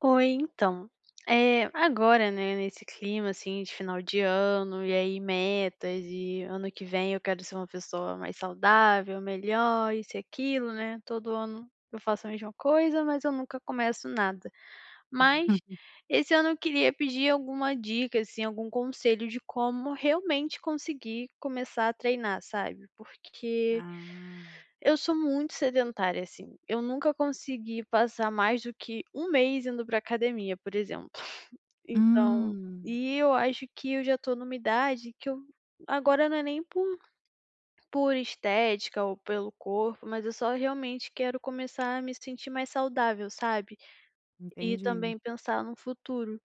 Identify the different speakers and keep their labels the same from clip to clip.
Speaker 1: Oi então, eh, agora, né, nesse clima assim de final de ano, e aí metas e ano que vem eu quero ser uma pessoa mais saudável, melhor, isso e aquilo, né, todo ano eu faço a mesma coisa mas eu nunca começo nada. Mas, esse ano eu queria pedir alguma dica, assim, algum conselho de como realmente conseguir começar a treinar, sabe, porque,
Speaker 2: Ah.
Speaker 1: eu sou muito sedentária assim, eu nunca consegui passar mais do que 1 mês indo pra academia por exemplo. Então
Speaker 2: Hum.
Speaker 1: e eu acho que eu já estou numa idade que eu agora não é nem por por estética ou pelo corpo, mas eu só realmente quero começar a me sentir mais saudável, sabe, e
Speaker 2: Entendi.
Speaker 1: também pensar num futuro,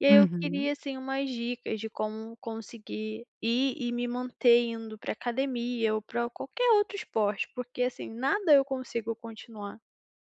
Speaker 1: e aí eu queria
Speaker 2: Uhum.
Speaker 1: sim umas dicas de como conseguir ir e me manter indo pra academia ou pra qualquer outro esporte, porque, assim, nada eu consigo continuar.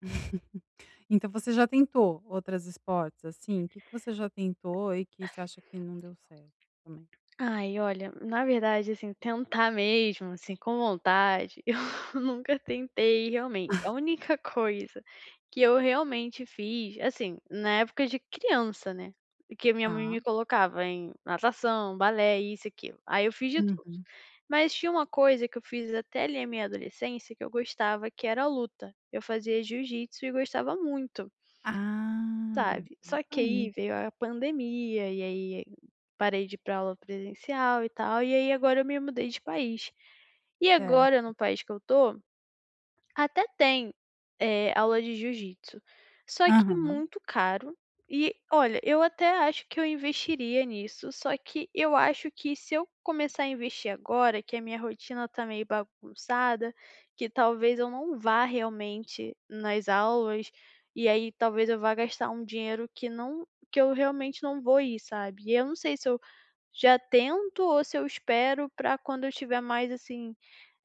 Speaker 2: Então você já tentou outras esportes, assim, que que você já tentou e que você acha que não deu certo, também?
Speaker 1: Ai olha, na verdade assim tentar mesmo assim com vontade, eu nunca tentei realmente. A única coisa que eu realmente fiz, assim, na época de criança, né, que minha mãe
Speaker 2: Tá.
Speaker 1: me colocava em natação, balé e isso aquilo, aí eu fiz de tudo.
Speaker 2: Uhum.
Speaker 1: Mas tinha uma coisa que eu fiz até ali a minha adolescência que eu gostava que era a luta, eu fazia jiujitsu e gostava muito.
Speaker 2: Ah,
Speaker 1: Sabe, só
Speaker 2: isso
Speaker 1: que aí
Speaker 2: aí.
Speaker 1: veio a pandemia e aí parei de ir pra aula presencial e tal, e aí agora eu me mudei de país, e agora
Speaker 2: Certo.
Speaker 1: no país que eu tô, até tem, eh, aula de jiu-jitsu, só que
Speaker 2: Aham.
Speaker 1: muito caro e olha, eu até acho que eu investiria nisso, só que eu acho que se eu começar a investir agora, que a minha rotina tá meio bagunçada, que talvez eu não vá realmente nas aulas. E aí, talvez eu vá gastar um dinheiro que não que eu realmente não vou ir, sabe, e eu não sei se eu já tento ou se eu espero pra quando eu tiver mais, assim,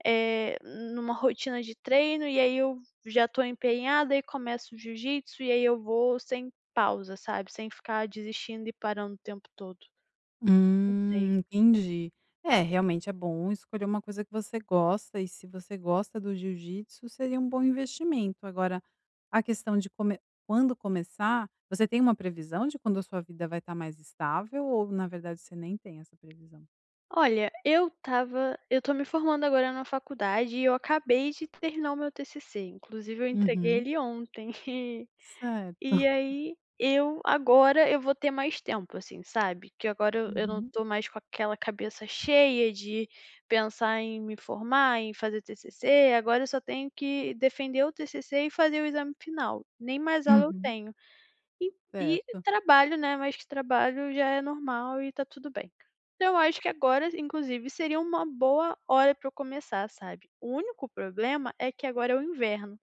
Speaker 1: eh, numa rotina de treino, e aí, eu já estou empenhada e começo o jiu-jitsu, e aí, eu vou sem pausa sabe, sem ficar desistindo e parando o tempo todo. Não sei.
Speaker 2: Hum. Entendi, é realmente, é bom escolher uma coisa que você gosta, e se você gosta do jiu-jitsu seria bom investimento. Agora a questão de come quando começar você tem uma previsão de quando a sua vida vai estar mais estável ou na verdade você nem tem essa previsão?
Speaker 1: Olha, eu estava eu tô me formando agora na faculdade e eu acabei de terminar o meu TCC, inclusive eu entreguei
Speaker 2: Uhum.
Speaker 1: ele ontem, e
Speaker 2: Certo.
Speaker 1: e aí, eu agora eu vou ter mais tempo, assim, sabe, que agora eu eu não
Speaker 2: Uhum.
Speaker 1: estou mais com aquela cabeça cheia de pensar em me formar, em fazer TCC. Agora eu só tenho que defender o TCC e fazer o exame final, nem mais aula eu
Speaker 2: Uhum.
Speaker 1: tenho, e e
Speaker 2: Certo.
Speaker 1: trabalho, né, mas trabalho já é normal e está tudo bem, então eu acho que agora inclusive seria uma boa hora para eu começar, sabe. O único problema é que agora é o inverno,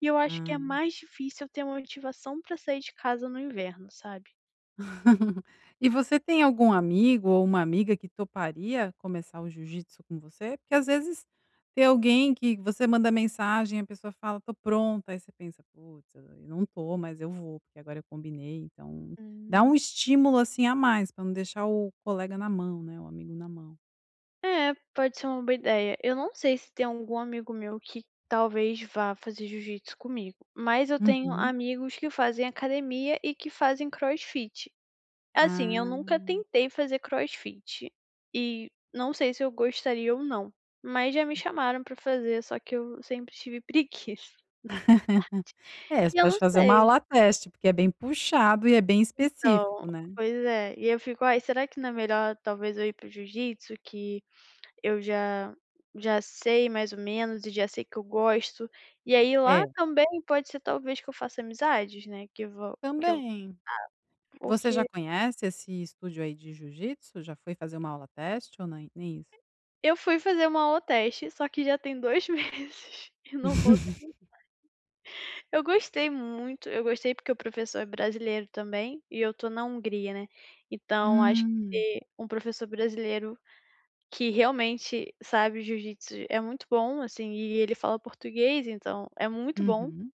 Speaker 1: e eu acho que
Speaker 2: Hã.
Speaker 1: é mais difícil eu ter uma motivação para sair de casa no inverno, sabe?
Speaker 2: E você tem algum amigo ou uma amiga que toparia começar o jiu-jitsu com você? Porque às vezes, tem alguém que você manda mensagem e a pessoa fala: "Tô pronta" aí você pensa: "Putz, eu não tô mas eu vou, porque agora eu combinei então" dá
Speaker 1: Hum.
Speaker 2: estímulo assim a mais pra não deixar o colega na mão, né, o amigo na mão.
Speaker 1: É, pode ser uma boa ideia. Eu não sei se tem algum amigo meu que talvez vá fazer jiu-jitsu comigo, mas eu tenho
Speaker 2: Uhum.
Speaker 1: amigos que fazem academia e que fazem crossfit. Assim, eu nunca
Speaker 2: Ah.
Speaker 1: tentei fazer crossfit e não sei se eu gostaria ou não, mas já me chamaram pra fazer só que eu sempre tive preguiça
Speaker 2: É,
Speaker 1: na verdade
Speaker 2: você
Speaker 1: e eu
Speaker 2: pode
Speaker 1: não
Speaker 2: fazer uma
Speaker 1: sei.
Speaker 2: aula teste porque é bem puxado e é bem
Speaker 1: Então,
Speaker 2: específico, né.
Speaker 1: pois é, e eu fico: "Ai será que não é melhor talvez eu ir para o jiu-jitsu que eu já já sei mais ou menos e já sei que eu gosto?", e aí lá
Speaker 2: É.
Speaker 1: também pode ser talvez que eu faça amizades né que va que eu
Speaker 2: Também.
Speaker 1: ah,
Speaker 2: Você já
Speaker 1: porque
Speaker 2: conhece esse estúdio aí de jiu-jitsu, já foi fazer uma aula teste ou nem nem isso?
Speaker 1: Eu fui fazer uma aula teste só que já tem 2 meses e não voltei mais. Eu gostei muito, eu gostei porque o professor é brasileiro, também, e eu estou na Hungria né. Então acho
Speaker 2: Hum.
Speaker 1: que, um professor brasileiro, que realmente sabe o jiu-jitsu, é muito bom, assim, e ele fala português então, é muito bom.
Speaker 2: Uhum.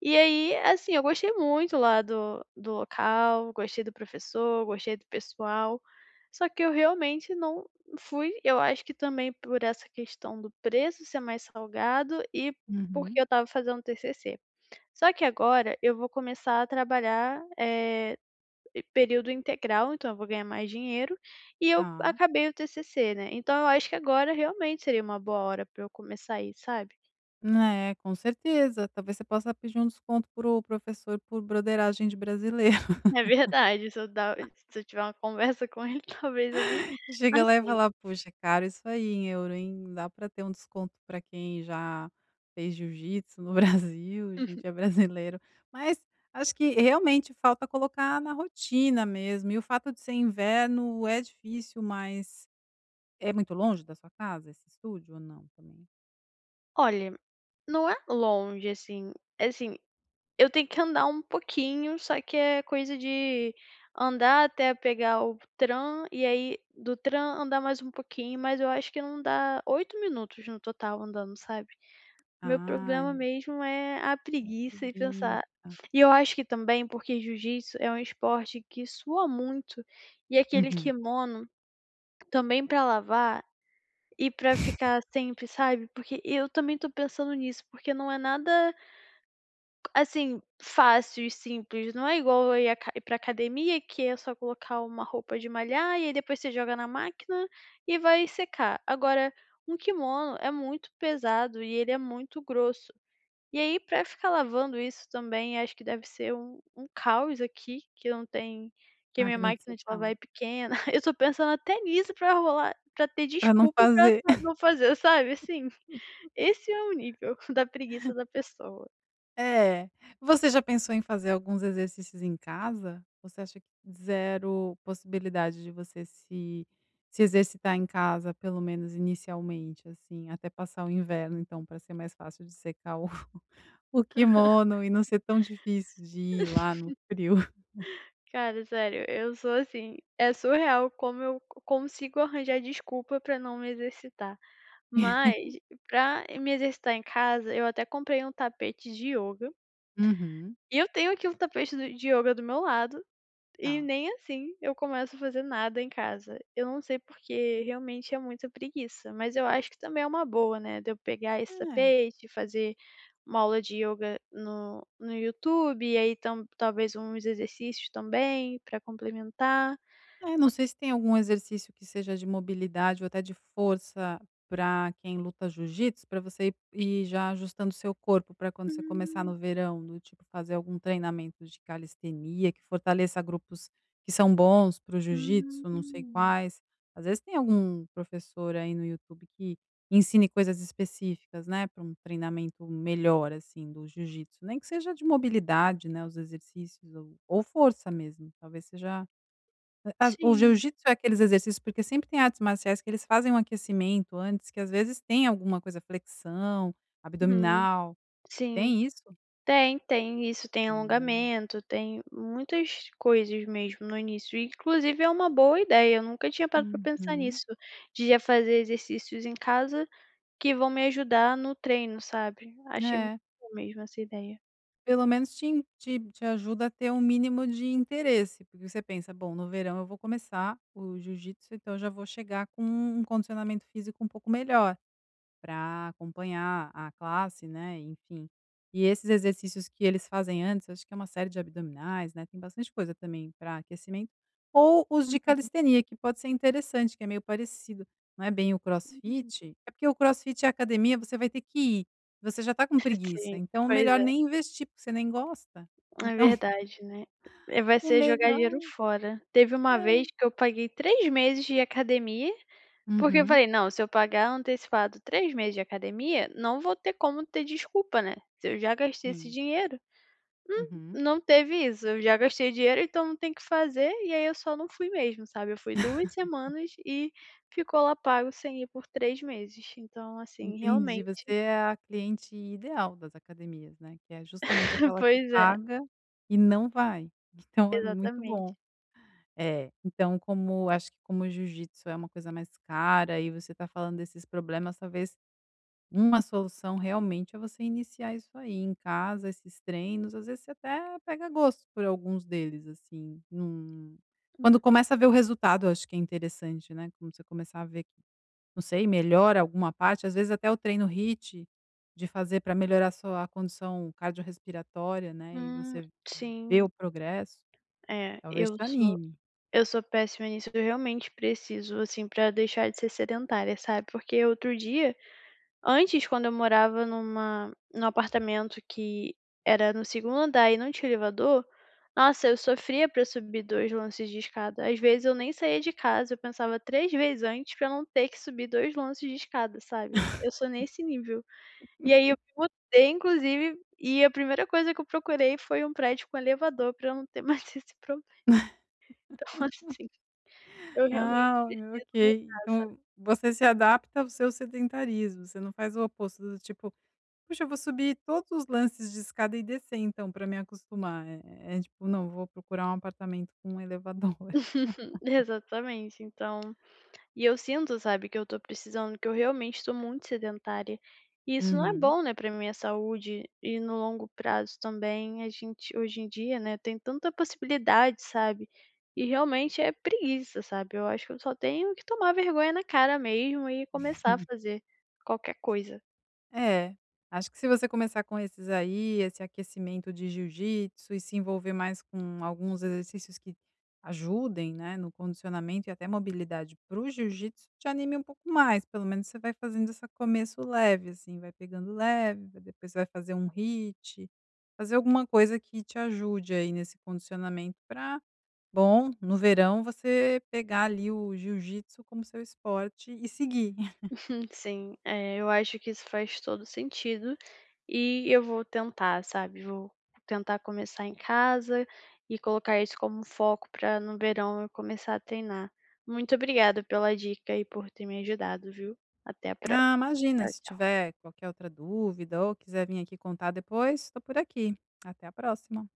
Speaker 1: E aí, assim, eu gostei muito lá do do local, gostei do professor, gostei do pessoal, só que eu realmente não fui Eu acho que também por essa questão do preço ser mais salgado e porque
Speaker 2: Uhum.
Speaker 1: eu estava fazendo TCC. Só que agora eu vou começar a trabalhar, eh, em período integral então eu vou ganhar mais dinheiro e eu
Speaker 2: Tá.
Speaker 1: acabei o TCC, né. Então eu acho que agora realmente seria uma boa hora para eu começar ir, sabe?
Speaker 2: Né, com certeza talvez você possa pedir um desconto para o professor por broderagem de brasileiro.
Speaker 1: É verdade se eu dar se eu tiver uma conversa com ele talvez ele
Speaker 2: Chega lá e
Speaker 1: aceite.
Speaker 2: falar: "Poxa cara isso aí em euro, hein, dá pra ter um desconto pra quem já fez jiu-jitsu no Brasil a
Speaker 1: Uhum.
Speaker 2: gente é brasileiro." Mas acho que realmente falta colocar na rotina mesmo, e o fato de ser inverno é difícil mas, é muito longe da sua casa esse stúdio ou não? Também.
Speaker 1: Olha, não é longe assim, é assim, eu tenho que andar um pouquinho só que é coisa de andar até pegar o tram e aí do tram andar mais um pouquinho, mas eu acho que não dá 8 minutos no total andando, sabe. Meu problema
Speaker 2: Ah.
Speaker 1: mesmo é a
Speaker 2: A
Speaker 1: preguiça e pensar
Speaker 2: preguiça.
Speaker 1: e eu acho que também porque jiu-jitsu é um esporte que sua muito, e aquele
Speaker 2: Uhum.
Speaker 1: kimono, também para lavar, e para ficar sempre sabe. Porque eu também estou pensando nisso porque não é nada assim, fácil e simples, não é igual eu ir à pra academia que é só colocar uma roupa de malhar e aí depois você joga na máquina e vai secar, agora um kimono é muito pesado e ele é muito grosso. E aí, pra ficar lavando isso também acho que deve ser um um caos aqui que eu não tenho que a minha
Speaker 2: Máquina que você
Speaker 1: máquina de lavar
Speaker 2: fala.
Speaker 1: é pequena, eu estou pensando até nisso pra rolar pra ter
Speaker 2: Pra não
Speaker 1: desculpa pra
Speaker 2: fazer.
Speaker 1: pra pra não fazer sabe assim, esse é o nível da preguiça da pessoa.
Speaker 2: É, você já pensou em fazer alguns exercícios em casa? Você acha que 0 possibilidade de você se se exercitar em casa pelo menos inicialmente, assim, até passar o inverno então pra ser mais fácil de secar o o quimono e não ser tão difícil de ir lá no frio?
Speaker 1: Cara, sério, eu sou assim. É surreal como eu co consigo arranjar desculpa pra não me exercitar, mas pra me exercitar em casa eu até comprei um tapete de ioga
Speaker 2: Uhum.
Speaker 1: e eu tenho aqui o tapete do de ioga do meu lado, e
Speaker 2: Tá.
Speaker 1: nem assim eu começo a fazer nada em casa. Eu não sei porque, realmente é muita preguiça, mas eu acho que também é uma boa, né, de eu pegar esse
Speaker 2: É.
Speaker 1: tapete e fazer uma aula de ioga no no YouTube, e aí então talvez uns exercícios também pra complementar.
Speaker 2: É, não sei se tem algum exercício que seja de mobilidade ou até de força pra quem luta jiu-jítsu, pra você i ir já ajustando seu corpo pra quando você começar
Speaker 1: Hum.
Speaker 2: no verão, do tipo fazer algum treinamento de calistenia que fortaleça grupos que são bons para o jiu-jítsu, não sei
Speaker 1: Hum.
Speaker 2: quais, às vezes tem algum professor aí no YouTube que ensine coisas específicas, né, para um treinamento melhor, assim, do jiu-jítsu, nem que seja de mobilidade, né, os exercícios ou ou força mesmo, talvez seja, hã, as o
Speaker 1: Sim.
Speaker 2: jiu-jítsu é aqueles exercícios porque sempre tem artes marciais que eles fazem um aquecimento antes, que às vezes tem alguma coisa, flexão,
Speaker 1: Hum,
Speaker 2: abdominal,
Speaker 1: sim.
Speaker 2: tem isso?
Speaker 1: Tem, tem isso, tem
Speaker 2: Hum.
Speaker 1: alongamento, tem muitas coisas mesmo no início, e inclusive é uma boa ideia, eu nunca tinha parado para pensar
Speaker 2: Uhum.
Speaker 1: nisso. De já fazer exercícios em casa, que vão me ajudar no treino, sabe? Achei muito
Speaker 2: É.
Speaker 1: boa mesmo essa ideia.
Speaker 2: Pelo menos te em te-te ajuda a ter um mínimo de interesse, porque você pensa: "Bom, no verão eu vou começar o jiu-jítsu, então eu já vou chegar com um condicionamento físico um pouco melhor pra acompanhar a classe", né? E enfim, e esses exercícios que eles fazem antes, acho que é uma série de abdominais, né, tem bastante coisa também pra aquecimento, ou os de
Speaker 1: Uhum.
Speaker 2: calistenia que pode ser interessante, que é meio parecido, não é bem o
Speaker 1: Hum.
Speaker 2: crossfit é porque o crossfit e a academia você vai ter que ir, você já está com preguiça,
Speaker 1: Sim,
Speaker 2: então
Speaker 1: pois
Speaker 2: melhor
Speaker 1: é.
Speaker 2: nem investir porque você nem gosta,
Speaker 1: É
Speaker 2: então
Speaker 1: verdade, né? Vai
Speaker 2: O
Speaker 1: ser jogar
Speaker 2: mellhor
Speaker 1: dinheiro fora. Teve uma
Speaker 2: é.
Speaker 1: vez que eu paguei 3 meses de academia, porque eu
Speaker 2: Uhum.
Speaker 1: falei: "Não, se eu pagar antecipado 3 meses de academia, não vou ter como ter desculpa, né? Se eu já gastei esse
Speaker 2: Sim.
Speaker 1: dinheiro". Hum,
Speaker 2: Uhum.
Speaker 1: não teve isso, eu já gastei dinheiro então não tem que fazer, e aí eu só não fui mesmo, sabe? Eu fui 2 semanas e ficou lá pago sem ir por 3 meses. Então, assim,
Speaker 2: Entendi, você
Speaker 1: realmente
Speaker 2: é a cliente ideal das academias, né, que é justamente aquela que
Speaker 1: Pois é.
Speaker 2: paga e não vai, então é muito
Speaker 1: Exatamente.
Speaker 2: bom. É. Então, como acho que como o jiu-jítsu é uma coisa mais cara e você tá falando desses problemas, talvez uma solução realmente é você iniciar isso aí em casa, esses treinos, às vezes você até pega gosto por alguns deles, assim num quando
Speaker 1: Hum.
Speaker 2: começa a ver o resultado eu acho que é interessante, né, quando você começar a ver, não sei, melhora alguma parte, às vezes até o treino HIIT de fazer pra melhorar sua condição cardiorrespiratória, né, e
Speaker 1: Hum,
Speaker 2: você vê
Speaker 1: sim.
Speaker 2: o progresso,
Speaker 1: Eh,
Speaker 2: talvez
Speaker 1: eu
Speaker 2: te
Speaker 1: sou
Speaker 2: anime.
Speaker 1: eu sou péssima nisso, eu realmente preciso assim para deixar de ser sedentária, sabe? Porque outro dia antes, quando eu morava numa num apartamento que era no segundo andar e não tinha elevador, nossa, eu sofria pra subir 2 lances de escada, às vezes eu nem saía de casa, eu pensava 3 vezes antes pra eu não ter que subir 2 lances de escada, sabe? Eu sou nesse nível. E aí eu botei inclusive e a primeira coisa que eu procurei foi um prédio com elevador pra eu não ter mais esse problema. Então assim, eu realmente
Speaker 2: Ah,
Speaker 1: preciso
Speaker 2: ok,
Speaker 1: mudança.
Speaker 2: então você se adapta ao seu sedentarismo, você não faz o oposto, do tipo: "Puxa, eu vou subir todos os lances de escada e descer, então, pra me acostumar", eh, é tipo não vou procurar um apartamento com elevador.
Speaker 1: Exatamente, então. E eu sinto, sabe, que eu estou precisando que eu realmente estou muito sedentária e isso não é
Speaker 2: Uhum.
Speaker 1: bom, né, para minha saúde e no longo prazo também a gente hoje em dia, né, tem tanta possibilidade, sabe? E realmente é preguiça, sabe? Eu acho que eu só tenho que tomar vergonha na cara mesmo e começar a fazer qualquer coisa.
Speaker 2: É, acho que se você começar com esses aí, esse aquecimento de jiu-jítsu, e se envolver mais com alguns exercícios que ajudem, né, no condicionamento e até mobilidade para o jiu-jítsu, te anime um pouco mais. Pelo menos você vai fazendo essa começo leve assim, vai pegando leve, vai depois vai fazer um HIIT, fazer alguma coisa que te ajude aí nesse condicionamento pra bom, no verão você pegar ali o jiu-jítsu como o seu esporte e seguir.
Speaker 1: Sim. Eh, eu acho que isso faz todo sentido e eu vou tentar, sabe? Vou tentar começar em casa e colocar isso como um foco para no verão eu começar a treinar. Muito obrigada pela dica e por ter me ajudado, viu? Até a próxima,
Speaker 2: Ah, imagina,
Speaker 1: tchau
Speaker 2: se
Speaker 1: tchau.
Speaker 2: tiver qualquer outra dúvida ou quiser vim aqui contar depois estou por aqui, até a próxima.